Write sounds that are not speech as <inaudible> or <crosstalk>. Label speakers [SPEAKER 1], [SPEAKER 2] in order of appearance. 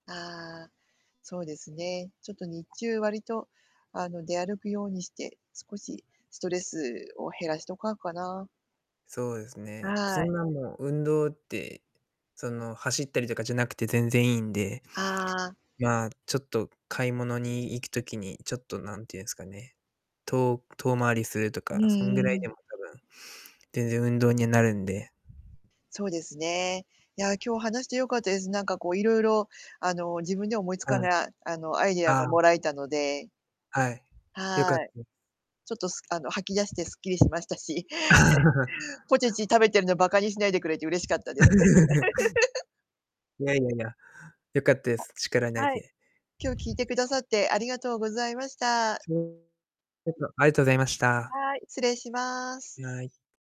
[SPEAKER 1] ああ、そうですね、ちょっと、日中、割と、あの、出歩くようにして、少しストレスを減らしとかんかな。
[SPEAKER 2] そうですね、
[SPEAKER 1] は
[SPEAKER 2] そ
[SPEAKER 1] い。
[SPEAKER 2] んな、もう運動って、その、走ったりとかじゃなくて全然いいんで、
[SPEAKER 1] ああ。
[SPEAKER 2] まあ、ちょっと買い物に行く時に、ちょっと、なんていうんすかね、と遠回りすると
[SPEAKER 1] うん
[SPEAKER 2] か、そんぐ
[SPEAKER 1] う
[SPEAKER 2] らいでも
[SPEAKER 1] ん。
[SPEAKER 2] 多分、全然運動になるんで。
[SPEAKER 1] そうですね。いや、今日話して良かったです。なんか、こう、いろいろ、あの、自分では思いつ
[SPEAKER 2] は
[SPEAKER 1] か
[SPEAKER 2] い。
[SPEAKER 1] な、あの、アイディア
[SPEAKER 2] あ
[SPEAKER 1] がも
[SPEAKER 2] あ。
[SPEAKER 1] らえたので
[SPEAKER 2] はい、よ
[SPEAKER 1] は
[SPEAKER 2] かった
[SPEAKER 1] い。
[SPEAKER 2] です。
[SPEAKER 1] ちょっと、すあの、吐き出してスッキリしましたし、<chuckles>
[SPEAKER 2] <laughs>
[SPEAKER 1] ポテチ食べてるの、バカにしないでくれて嬉しかったです。
[SPEAKER 2] <laughs>
[SPEAKER 1] <laughs>
[SPEAKER 2] いやいやいや、よかったで
[SPEAKER 1] あ、
[SPEAKER 2] す、力になれ
[SPEAKER 1] はい。
[SPEAKER 2] て。
[SPEAKER 1] 今日、聞いてくださってありがとうございました。
[SPEAKER 2] <unintelligible> ありがとうございました。
[SPEAKER 1] はい、失礼します。
[SPEAKER 2] いや、あい。